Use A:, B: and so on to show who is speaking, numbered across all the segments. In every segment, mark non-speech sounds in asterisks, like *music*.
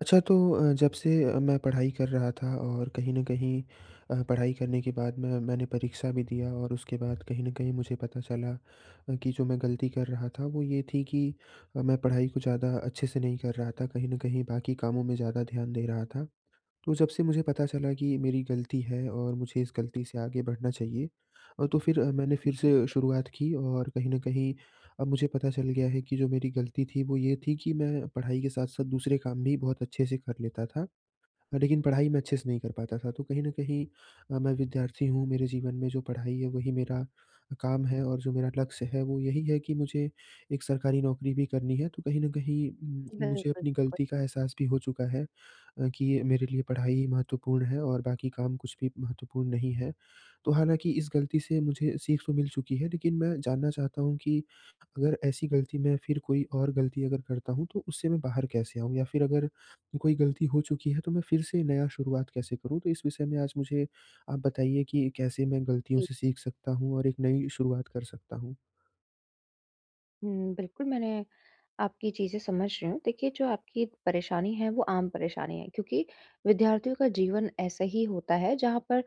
A: अच्छा तो अ, जब से अ, मैं पढ़ाई कर रहा था और कहीं न कहीं अ, पढ़ाई करने के बाद मैं मैंने परीक्षा भी दिया और उसके बाद कहीं न कहीं मुझे पता चला अ, कि जो मैं गलती कर रहा था, वो ये थी कि अ, मैं पढ़ाई को ज़्यादा अच्छे से नहीं कर रहा था। कहीं न कहीं बाकी कामों में ज़्यादा ध्यान दे रहा था, तो जब से मुझे पता चला कि मेरी गलती है और मुझे इस गलती से आगे बढ़ना चाहिए अ, तो फिर मैंने फिर से शुरुआत की और कहीं न कहीं अब मुझे पता चल गया है, कि जो मेरी गलती थी, वो ये थी कि मैं पढ़ाई के साथ-साथ दूसरे काम भी बहुत अच्छे से कर लेता था। लेकिन पढ़ाई मैं अच्छे से नहीं कर पाता था, तो कहीं न कहीं अ, मैं विद्यार्थी हूँ, मेरे जीवन में जो पढ़ाई है, वही मेरा काम है और जो मेरा लक्ष्य है, वो यही है कि मुझे एक सरकारी नौकरी भी करनी है, तो कहीं न कहीं
B: बि
A: म मुझे अपनी
B: बिल्कुल
A: गलती का एहसास भी हो चुका है अ, कि ये मेरे लिए पढ़ाई महत्वपूर्ण है और बाकी काम कुछ भी महत्वपूर्ण नहीं है। तो हालाँकि, इस गलती से मुझे सीख तो मिल चुकी है, लेकिन मैं जानना चाहता हूँ कि अगर ऐसी गलती में फिर कोई और गलती अगर करता हूँ, तो उससे मैं बाहर कैसे आऊँ? या फिर अगर कोई गलती हो चुकी है, तो मैं फिर से नया शुरुआत कैसे करूँ? तो इस विषय में आज मुझे आप बताइए कि कैसे मैं गलतियों
B: जी।
A: से सीख सकता हूँ? और एक नई शुरुआत कर सकता हूँ?
B: हुँ, बिल्कुल मैंने आपकी चीज़ें समझ रही हूँ। देखिए जो आपकी परेशानी है वो आम परेशानी है, क्योंकि विद्यार्थियों का जीवन ऐसा ही होता है जहाँ पर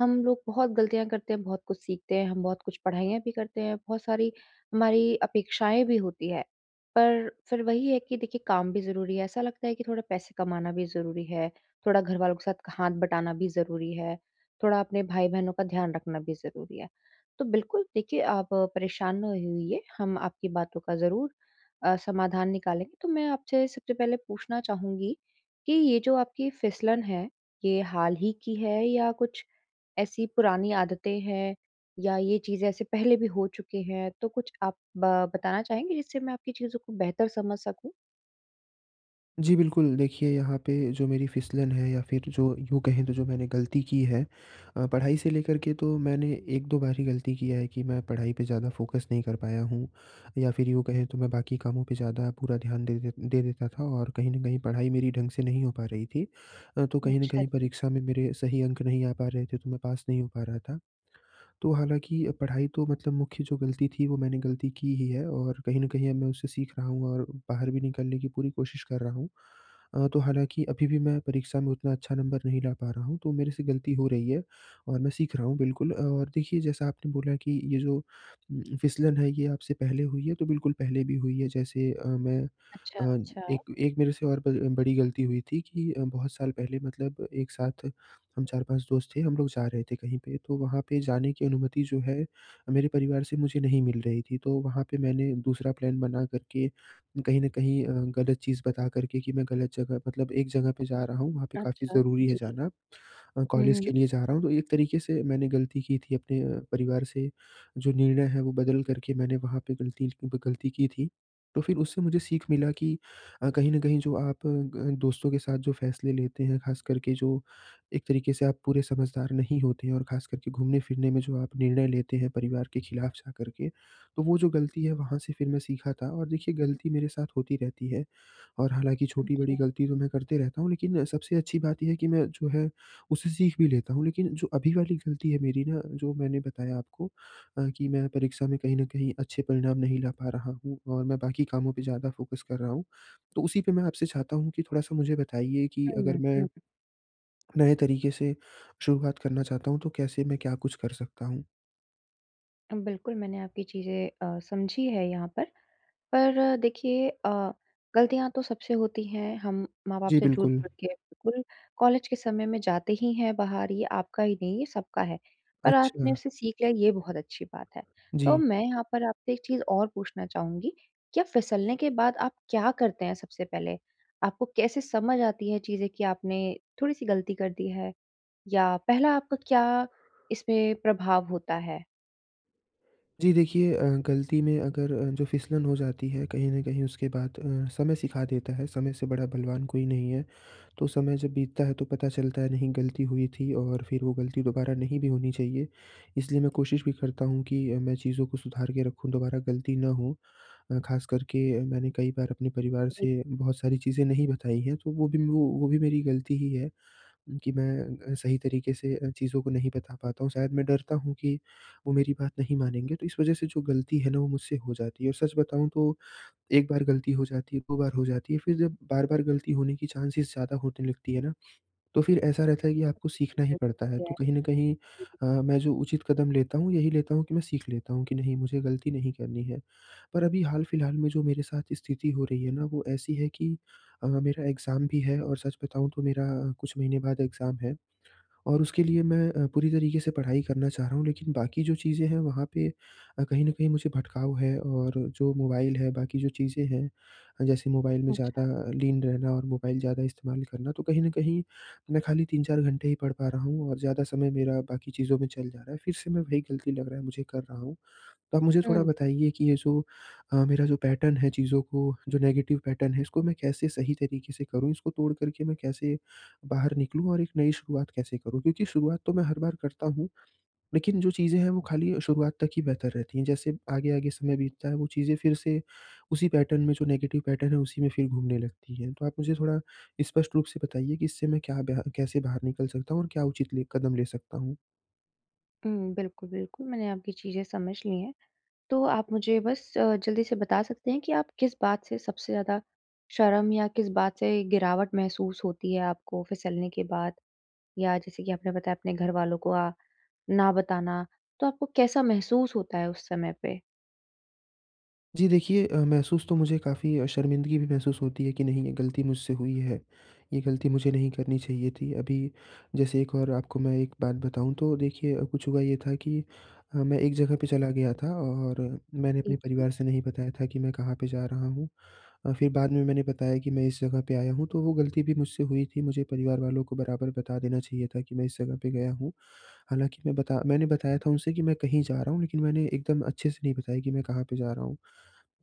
B: हम लोग बहुत गलतियाँ करते हैं, बहुत कुछ सीखते हैं, हम बहुत कुछ पढ़ाईयाँ भी करते हैं, बहुत सारी हमारी अपेक्षाएँ भी होती है। पर फिर वही है कि देखिए काम भी ज़रूरी है ऐसा लगता है कि थोड़े पैसे कमाना भी ज़रूरी है, थोड़ा घर वालों के साथ क हाथ बटाना भी ज़रूरी है, थोड़ा अपने भाई-बहनों का ध्यान रखना भी ज़रूरी है। तो बिल्कुल, देखिए आप परेशान ना हो उ इए हम आपकी बातों का ज़रूर अ, समाधान निकालेंगे। तो मैं आपसे सबसे पहले पूछना चाहूँगी, कि ये जो आपकी फिसलन है, ये हाल ही की है या कुछ ऐसी पुरानी आदतें हैं या ये चीज़ें ऐसे पहले भी हो चुकी हैं? तो कुछ आप ब बताना चाहेंगे जिससे मैं आपकी चीज़ों को बेहतर समझ सकूँ?
A: जी, बिल्कुल देखिए यहाँ पे जो मेरी फिसलन है या फिर जो यूँ कहें तो जो मैंने गलती की है अ, पढ़ाई से लेकर के तो मैंने 1-2 बार ही गलती की है कि मैं पढ़ाई पे ज़्यादा फोकस नहीं कर पाया हूँ या फिर यूँ कहें तो मैं बाकी कामों पे ज़्यादा पूरा ध्यान दे दे दे देता था और कहीं न कहीं पढ़ाई मेरी ढंग से नहीं हो पा रही थी अ, तो कहीं न
B: अच्छा
A: कहीं
B: जी।
A: परीक्षा में मेरे सही अंक नहीं आ पा रहे थे तो मैं पास नहीं हो पा रहा था। तो हालाँकि पढ़ाई तो मतलब मुख्य जो गलती थी वो मैंने गलती की ही है और कहीं न कहीं अब मैं उसे सीख रहा हूँ और बाहर भी निकलने की पूरी कोशिश कर रहा हूँ। अ, तो हालाँकि अभी भी मैं परीक्षा में उतना अच्छा नंबर नहीं ला पा रहा हूँ, तो मेरे से गलती हो रही है, और मैं सीख रहा हूँ, बिल्कुल। और देखिए जैसा आपने बोला कि ये जो उम, फिसलन है ये आपसे पहले हुई है? तो बिल्कुल पहले भी हुई है, जैसे अ, मैं
B: अच्छा,
A: अ,
B: अच्छा।
A: एक एक मेरे से और ब अ, बड़ी गलती हुई थी कि अ, बहुत साल पहले मतलब एक साथ हम 4-5 दोस्त थे, हम लोग जा रहे थे कहीं पे। तो वहाँ पे जाने की अनुमति जो है, मेरे परिवार से मुझे नहीं मिल रही थी, तो वहाँ पे मैंने दूसरा प्लान बना करके कहीं न कहीं अ, गलत चीज़ बता करके कि मैं गलत जगह मतलब एक जगह पे जा रहा हूँ, वहाँ पे काफ़ी
B: अच्छा,
A: ज़रूरी है
B: जी।
A: जाना। अ,
B: हुँ,
A: कॉलेज के
B: हुँ।
A: लिए जा रहा हूँ, तो एक तरीके से मैंने गलती की थी अपने अ, परिवार से जो निर्णय है वो बदल करके मैंने वहाँ पे गलती ज वो गलती की थी, तो फिर उससे मुझे सीख मिला कि अ, कहीं न कहीं जो आप ग दोस्तों के साथ जो फैसले लेते हैं, ख़ास करके जो एक तरीके से आप पूरे समझदार नहीं होते हैं और ख़ास करके घूमने-फिरने में जो आप निर्णय लेते हैं, परिवार के खिलाफ जाकर के। तो वो जो गलती है वहाँ से फिर मैं सीखा था और देखिए गलती मेरे साथ होती रहती है, और हालाँकि छोटी,
B: अच्छा।
A: बड़ी गलती तो मैं करते रहता हूँ, लेकिन अ, सबसे अच्छी बात ये है कि मैं जो है उससे सीख भी लेता हूँ। लेकिन जो अभी वाली गलती है मेरी ना, जो मैंने बताया आपको अ, कि मैं परीक्षा में कहीं न कहीं अच्छे परिणाम नहीं ला पा रहा हूँ और मैं बाकी कामों पे ज़्यादा फ़ोकस कर रहा हूँ। तो उसी पे मैं आपसे चाहता हूँ कि थोड़ा-सा मुझे बताइए कि अगर
B: हुँ,
A: मैं
B: हुँ।
A: नए तरीके से शुरुआत करना चाहता हूँ, तो कैसे मैं क्या कुछ कर सकता हूँ?
B: अ, बिल्कुल मैंने आपकी चीज़ें अ, समझी है यहाँ पर, पर देखिए अ, ग़लतियाँ तो सबसे होती हैं, हम माँ-बाप
A: जी,
B: से झूठ
A: बिल्कुल।
B: बोल के बिल्कुल कॉलेज के समय में जाते ही हैं बाहर, ये आपका ही नहीं, ये सबका है। पर आपने
A: अच्छा।
B: उससे सीख लिया, ये बहुत अच्छी बात है। तो
A: जी।
B: मैं यहाँ पर आपसे एक चीज़ और पूछना चाहूँगी, क्या फिसलने के बाद आप क्या करते हैं सबसे पहले? आपको कैसे समझ आती हैं चीज़ें कि आपने थोड़ी-सी ग़लती कर दी है, या पहला आपका क्या इसमें प्रभाव होता है?
A: जी, देखिए अ, ग़लती में अगर अ, जो फिसलन हो जाती है कहीं न कहीं, उसके बाद अ, समय सिखा देता है, समय से बड़ा बलवान कोई नहीं है। तो समय जब बीतता है, तो पता चलता है, नहीं, ग़लती हुई थी, और फिर वो ग़लती दोबारा नहीं भी होनी चाहिए, इसलिए मैं कोशिश भी करता हूँ कि अ, मैं चीज़ों को सुधार के रखूँ, दोबारा ग़लती ना हो अ, ख़ास कर के अ, मैंने कई बार अपने परिवार
B: जी।
A: से बहुत सारी चीज़ें नहीं बताई हैं, तो वो भी ना वो, भी मेरी ग़लती ही है कि मैं अ, सही तरीक़े से अ, चीज़ों को नहीं बता पाता हूँ। शायद मैं डरता हूँ कि वो मेरी बात नहीं मानेंगे, तो इस वजह से जो ग़लती है ना, वो मुझसे हो जाती है। और सच बताऊँ तो, 1 बार ग़लती हो जाती है, 2 बार हो जाती है, फिर जब बार-बार ग़लती होने की चांसेस ज़्यादा होने लगती हैं ना, तो फिर ऐसा रहता है कि आपको सीखना ही पड़ता है। तो कहीं न कहीं
B: *unintelligible*
A: अ, मैं जो उचित कदम लेता हूँ, यही लेता हूँ कि मैं सीख लेता हूँ कि नहीं मुझे ग़लती नहीं करनी है, पर अभी हाल-फिलहाल में जो मेरे साथ स्थिति हो रही है ना, वो ऐसी है कि अ, मेरा एग्ज़ाम भी है, और सच बताऊँ तो मेरा कुछ महीने बाद एग्ज़ाम है, और उसके लिए मैं अ, पूरी तरीक़े से पढ़ाई करना चाह रहा हूँ, लेकिन बाकी जो चीज़ें हैं वहाँ पे अ, कहीं न कहीं मुझे भटकाव है, और जो मोबाइल है, बाकी जो चीज़ें हैं अ, जैसे मोबाइल में ज़्यादा
B: अच्छा।
A: लीन रहना और मोबाइल ज़्यादा इस्तेमाल करना। तो कहीं न कहीं मैं खाली 3-4 घंटे ही पढ़ पा रहा हूँ और ज़्यादा समय मेरा बाकी चीज़ों में चल जा रहा है, फिर से मैं वही ग़लती लग रहा है मुझे कर रहा हूँ। तो आप मुझे थोड़ा
B: हुँ।
A: बताइए कि ये जो अ, मेरा जो पैटर्न है चीज़ों को जो नेगेटिव पैटर्न है, इसको मैं कैसे सही तरीक़े से करूँ, इसको तोड़ कर के मैं कैसे बाहर निकलूँ और एक नई शुरुआत कैसे करूँ? क्योंकि शुरुआत तो मैं हर बार करता हूँ, लेकिन जो चीज़ें हैं, वो खाली अ, शुरुआत तक ही बेहतर रहती हैं, जैसे आगे-आगे समय बीतता है, वो चीज़ें फिर से उसी पैटर्न में जो नेगेटिव पैटर्न है, उसी में फिर घूमने लगती है। तो आप मुझे थोड़ा स्पष्ट रूप से बताइए कि इससे मैं क्या बेहा कैसे बाहर निकल सकता हूँ, और क्या उचित ले कदम ले सकता हूँ?
B: हुँ, बिल्कुल, बिल्कुल, मैंने आपकी चीज़ें समझ ली हैं। तो आप मुझे बस अ, जल्दी से बता सकते हैं कि आप किस बात से सबसे ज़्यादा शर्म या किस बात से गिरावट महसूस होती है आपको फिसलने के बाद? या जैसे कि आपने बताया अपने घर वालों को अ, ना बताना, तो आपको कैसा महसूस होता है उस समय पे?
A: जी देखिए अ, महसूस तो मुझे काफ़ी अ, शर्मिंदगी भी महसूस होती है कि नहीं ये गलती मुझसे हुई है, ये गलती मुझे नहीं करनी चाहिए थी। अभी जैसे एक और आपको मैं एक बात बताऊँ, तो देखिए, कुछ हुआ ये था कि अ, मैं एक जगह पे चला गया था और मैंने
B: ए
A: अपने परिवार से नहीं बताया था कि मैं कहाँ पे जा रहा हूँ अ, फिर बाद में मैंने बताया कि मैं इस जगह पे आया हूँ, तो वो गलती भी मुझसे हुई थी मुझे परिवार वालों को बराबर बता देना चाहिए था कि मैं इस जगह पे गया हूँ। हालाँकि मैं बता मैंने बताया था उनसे कि मैं कहीं जा रहा हूँ, लेकिन मैंने एकदम अच्छे से नहीं बताया कि मैं कहाँ पे जा रहा हूँ।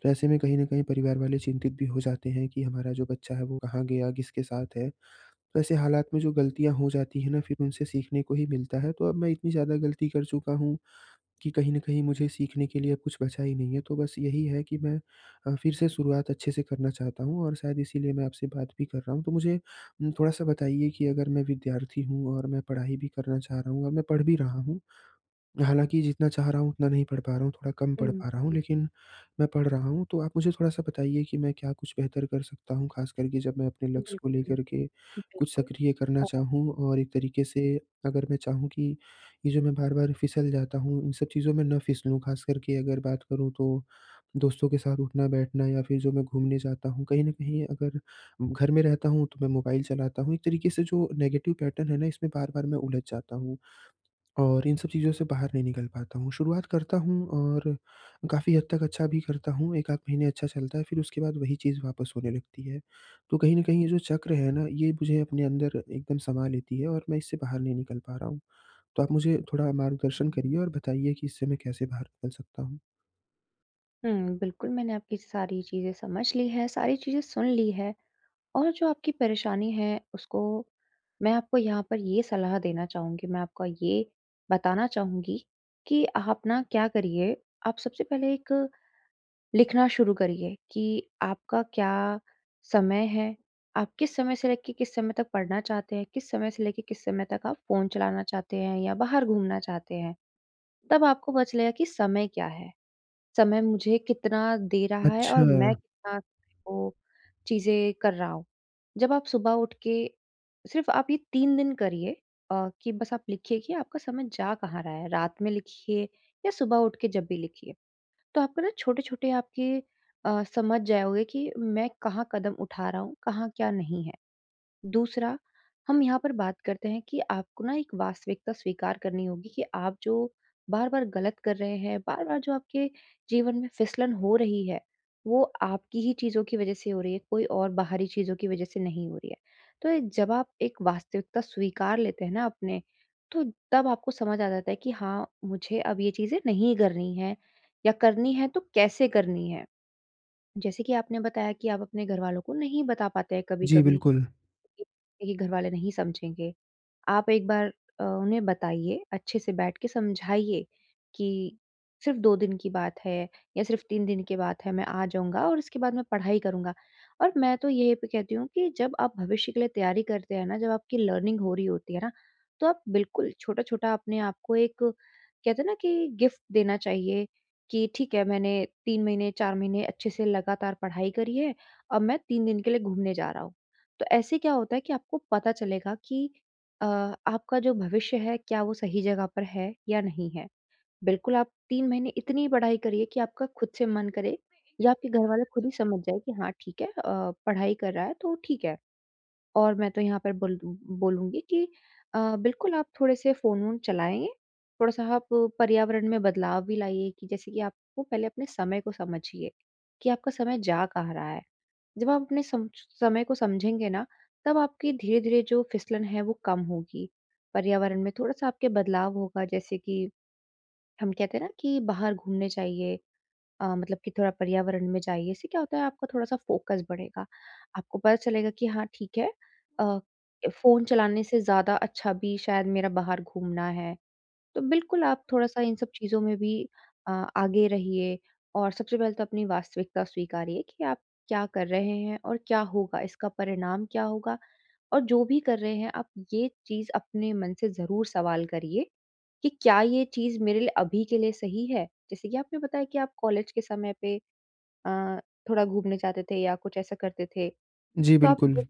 A: वैसे में कहीं न कहीं परिवार वाले चिंतित भी हो जाते हैं कि हमारा जो बच्चा है, वो कहाँ गया? किसके साथ है? तो ऐसे हालात में जो गलतियाँ हो जाती है ना फिर उनसे सीखने को ही मिलता है, तो अब मैं इतनी ज़्यादा गलती कर चुका हूँ कि कहीं न कहीं मुझे सीखने के लिए अब कुछ बचा ही नहीं है। तो बस यही है कि मैं अ, फिर से शुरुआत अच्छे से करना चाहता हूँ और शायद इसीलिए मैं आपसे बात भी कर रहा हूँ, तो मुझे थोड़ा-सा बताइए कि अगर मैं विद्यार्थी हूँ और मैं पढ़ाई भी करना चाह रहा हूँ और मैं पढ़ भी रहा हूँ। हालाँकि, जितना चाह रहा हूँ उतना नहीं पढ़ पा रहा हूँ, थोड़ा कम
B: उ,
A: पढ़ पा रहा हूँ,
B: जी, जी।
A: लेकिन मैं पढ़ रहा हूँ। तो आप मुझे थोड़ा-सा बताइए कि मैं क्या कुछ बेहतर कर सकता हूँ, खास कर के जब मैं अपने लक्ष्य को
B: बिल्कुल,
A: लेकर के कुछ
B: बिल्कुल
A: सक्रिय करना
B: अ
A: चाहूँ और एक तरीके से अगर मैं चाहूँ कि ये जो मैं बार-बार फिसल जाता हूँ, इन सब चीज़ों में ना फिसलूँ, खास कर के अगर बात करूँ तो, दोस्तों के साथ उठना-बैठना या फिर जो मैं घूमने जाता हूँ, कहीं न कहीं अगर घर में रहता हूँ, तो मैं मोबाइल चलाता हूँ एक तरीके से जो नेगेटिव पैटर्न है ना इसमें बार-बार मैं उलझ जाता हूँ और इन सब चीज़ों से बाहर नहीं निकल पाता हूँ, शुरुआत करता हूँ और काफ़ी हद तक अच्छा भी करता हूँ, 1 आध महीने अच्छा चलता है फिर उसके बाद वही चीज़ वापस होने लगती है। तो कहीं न कहीं ये जो चक्र है ना ये मुझे अपने अंदर एकदम समा लेती है और मैं इससे बाहर नहीं निकल पा रहा हूँ। तो आप मुझे थोड़ा मार्गदर्शन करिए और बताइए कि इससे मैं कैसे बाहर निकल सकता हूँ?
B: हुँ, बिल्कुल मैंने आपकी सारी चीज़ें समझ ली है, सारी चीज़ें सुन ली है। और जो आपकी परेशानी है उसको मैं आपको यहाँ पर ये सलाह देना चाहूँगी, मैं आपको ये बताना चाहूँगी कि आप ना क्या करिए, आप सबसे पहले एक लिखना शुरू करिए कि आपका क्या समय है? आप किस समय से लेके किस समय तक पढ़ना चाहते हैं? किस समय से लेके किस समय तक आप फ़ोन चलाना चाहते हैं या बाहर घूमना चाहते हैं? तब आपको पता चलेगा कि समय क्या है? समय मुझे कितना दे रहा है? और मैं
A: अच्छा।
B: कितना वो चीज़ें कर रहा हूँ? जब आप सुबह उठ के सिर्फ़ आप ये 3 दिन करिए अ, कि बस आप लिखिए की आपका समय जा कहाँ रहा है, रात में लिखिए या सुबह उठ के जब भी लिखिए। तो आपको ना छोटे-छोटे आपके अ, समझ जाओगे कि मैं कहाँ कदम उठा रहा हूँ, कहाँ क्या नहीं है। दूसरा, हम यहाँ पर बात करते हैं कि आपको ना एक वास्तविकता स्वीकार करनी होगी कि आप जो बार-बार गलत कर रहे हैं, बार-बार जो आपके जीवन में फिसलन हो रही है, वो आपकी ही चीज़ों की वज़ह से हो रही है, कोई और बाहरी चीज़ों की वजह से नहीं हो रही है। तो जब आप एक वास्तविकता स्वीकार लेते हैं ना अपने, तो तब आपको समझ आ जाता है कि हाँ, मुझे अब ये चीज़ें नहीं करनी है या करनी है तो कैसे करनी है। जैसे कि आपने बताया कि आप अपने घर वालों को नहीं बता पाते हैं
A: जी,
B: कभी-कभी
A: बिल्कुल।
B: कि नहीं घर वाले नहीं समझेंगे। आप एक बार अ, उन्हें बताइए, अच्छे से बैठ के समझाइए कि सिर्फ़ 2 दिन की बात है या सिर्फ़ 3 दिन की बात है, मैं आ जाऊँगा और उसके बाद मैं पढ़ाई करूँगा और मैं तो यह कहती हूँ कि जब आप भविष्य के लिए तैयारी करते हैं ना, जब आपकी लर्निंग हो रही होती है ना, तो आप बिल्कुल छोटा-छोटा अपने आप को एक कहते हैं ना कि गिफ्ट देना चाहिए कि ठीक है मैंने 3 महीने, 4 महीने अच्छे से लगातार पढ़ाई करी है। अब मैं 3 दिन के लिए घूमने जा रहा हूँ। तो ऐसे क्या होता है कि आपको पता चलेगा कि अ, आपका जो भविष्य है, क्या वो सही जगह पर है या नहीं है? बिल्कुल, आप 3 महीने इतनी पढ़ाई करिए कि आपका खुद से मन करे, या आपके घर वाले खुद ही समझ जाए कि हाँ ठीक है, अ, पढ़ाई कर रहा है, तो ठीक है और मैं तो यहाँ पर बोल बोलूँगी कि अ, बिल्कुल आप थोड़े से फ़ोन-वोन चलाएँ। थोड़ा-सा आप पर्यावरण में बदलाव भी लाइए कि जैसे कि आप को पहले अपने समय को समझिए, कि आपका समय जा कहाँ रहा है? जब आप अपने समश समय को समझेंगे ना, तब आपकी धीरे-धीरे जो फिसलन है, वो कम होगी। पर्यावरण में थोड़ा-सा आपके बदलाव होगा जैसे कि हम कहते हैं ना कि बाहर घूमने जाइए अ, मतलब कि थोड़ा पर्यावरण में जाइए। इससे क्या होता है आपका थोड़ा-सा फोकस बढ़ेगा। आपको पता चलेगा कि हाँ, ठीक है अ, ए फ़ोन चलाने से ज़्यादा अच्छा भी शायद मेरा बाहर घूमना है। तो बिल्कुल आप थोड़ा-सा इन सब चीज़ में भी अ, आगे रहिए और सबसे पहले तो अपनी वास्तविकता स्वीकारिए कि आप क्या कर रहे हैं और क्या होगा इसका परिणाम क्या होगा? और जो भी कर रहे हैं, आप ये चीज़ अपने मन से ज़रूर सवाल करिए कि क्या ये चीज़ मेरे लिए अभी के लिए सही है? जैसे कि आपने बताया कि आप कॉलेज के समय पे अ, थोड़ा घूमने जाते थे या कुछ ऐसा करते थे।
A: जी,
B: तो आप ये
A: बिल्कुल।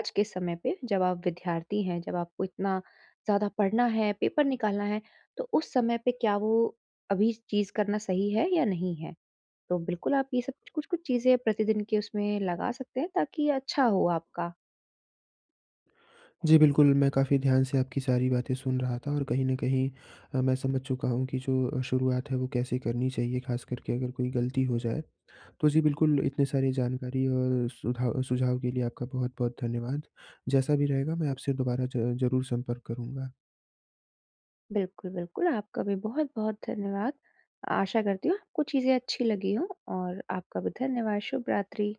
B: आज के समय पे जब आप विद्यार्थी हैं, जब आपको इतना ज़्यादा पढ़ना है, पेपर निकालना है, तो उस समय पे क्या वो अभी चीज़ करना सही है या नहीं है। तो बिल्कुल आप ये सब कुछ-कुछ चीज़ें प्रतिदिन के उसमें लगा सकते हैं ताकि अच्छा हो आपका।
A: जी, बिल्कुल, मैं काफ़ी ध्यान से आपकी सारी बातें सुन रहा था और कहीं न कहीं अ, मैं समझ चुका हूँ कि जो अ, शुरुआत है वो कैसे करनी चाहिए, ख़ास कर के अगर कोई गलती हो जाए। तो जी, बिल्कुल, इतने सारी जानकारी और सुधा सुझाव के लिए आपका बहुत-बहुत धन्यवाद, जैसा भी रहेगा मैं आपसे दोबारा ज़ ज़रूर संपर्क करूँगा।
B: बिल्कुल, बिल्कुल, आपका भी बहुत-बहुत धन्यवाद। आशा करती हूँ आपको चीज़े अच्छी लगी हों और आपका भी धन्यवाद, शुभ रात्रि।